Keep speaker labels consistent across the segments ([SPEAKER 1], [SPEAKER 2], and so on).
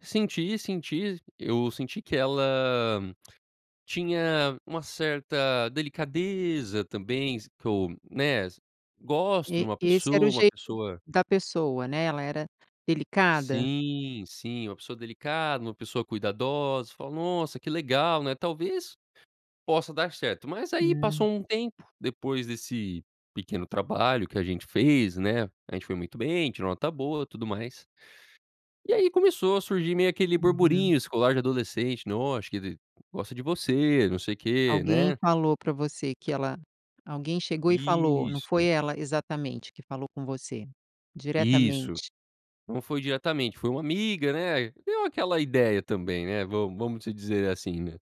[SPEAKER 1] Senti, senti, eu senti que ela tinha uma certa delicadeza também, s que eu, né, gosto de
[SPEAKER 2] E
[SPEAKER 1] uma
[SPEAKER 2] esse era o
[SPEAKER 1] pessoa, uma
[SPEAKER 2] jeito
[SPEAKER 1] pessoa
[SPEAKER 2] da pessoa, né, ela era delicada?
[SPEAKER 1] Sim, sim, uma pessoa delicada, uma pessoa cuidadosa, falo nossa que legal né, talvez possa dar certo. Mas aí passou
[SPEAKER 2] Hum.
[SPEAKER 1] um tempo depois desse pequeno trabalho que a gente fez, né, a gente foi muito bem, tirou nota boa e tudo mais. E aí começou a surgir meio aquele
[SPEAKER 2] Uhum.
[SPEAKER 1] burburinho escolar, de adolescente, né, "Ó, acho que ela gosta de você, não sei o quê",
[SPEAKER 2] Alguém
[SPEAKER 1] né.
[SPEAKER 2] falou pra você que ela alguém chegou e falou, não
[SPEAKER 1] Isso
[SPEAKER 2] foi
[SPEAKER 1] q
[SPEAKER 2] ela exatamente que falou com você,
[SPEAKER 1] Isso,
[SPEAKER 2] diretamente?
[SPEAKER 1] não foi diretamente, foi uma amiga, né, deu aquela ideia também, né, vamos vamos se dizer assim, né,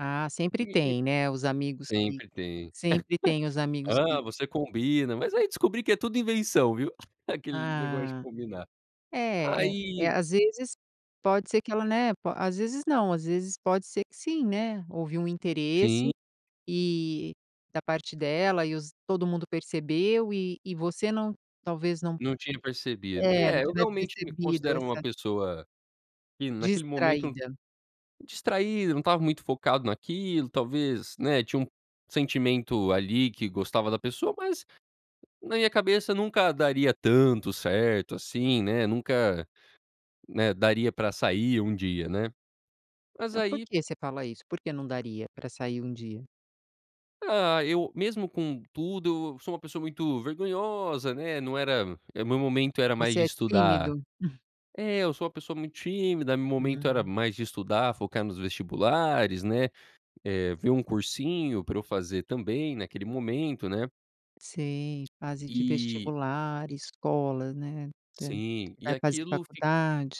[SPEAKER 2] Ah, sempre
[SPEAKER 1] me me
[SPEAKER 2] tem, né, os amigos que
[SPEAKER 1] Sempre tem.
[SPEAKER 2] sempre tem os amigos que
[SPEAKER 1] "Ah, você combina", mas aí descobri que é tudo invenção, viu, aquele negócio de
[SPEAKER 2] Ah.
[SPEAKER 1] combinar.
[SPEAKER 2] É é
[SPEAKER 1] Aí
[SPEAKER 2] é às vezes, pode ser que ela, né, po às vezes não, às vezes pode ser que sim, né, houve um interesse
[SPEAKER 1] Sim.
[SPEAKER 2] e da parte dela e todo mundo percebeu e e você não, talvez não,
[SPEAKER 1] Não tinha percebido.
[SPEAKER 2] eh,
[SPEAKER 1] É, eu
[SPEAKER 2] tivesse
[SPEAKER 1] realmente me
[SPEAKER 2] percebido
[SPEAKER 1] considero uma
[SPEAKER 2] essa
[SPEAKER 1] pessoa, que naquele momento
[SPEAKER 2] Distraída.
[SPEAKER 1] Distraído, não estava muito focado naquilo, talvez, né, tinha um sentimento ali que gostava da pessoa mas, na minha cabeça nunca daria tanto certo, assim, né, nunca né daria pra sair um dia né, mas
[SPEAKER 2] Então
[SPEAKER 1] aí
[SPEAKER 2] porque você fala isso? Por que não daria pra sair um dia?
[SPEAKER 1] Ah, eu mesmo com tudo, eu sou uma pessoa muito vergonhosa, né, não era, eh, meu momento, era mais
[SPEAKER 2] Você
[SPEAKER 1] de
[SPEAKER 2] é
[SPEAKER 1] estudar
[SPEAKER 2] tímido?
[SPEAKER 1] É, eu sou uma pessoa muito tímida, meu momento era
[SPEAKER 2] Hum.
[SPEAKER 1] mais de estudar, focar nos vestibulares, né, eh, ver um cursinho pra eu fazer também naquele momento, né.
[SPEAKER 2] Sim, fase de
[SPEAKER 1] E
[SPEAKER 2] vestibular, escola, né, eh,
[SPEAKER 1] Sim e
[SPEAKER 2] vai fazer
[SPEAKER 1] aquilo fi
[SPEAKER 2] faculdade.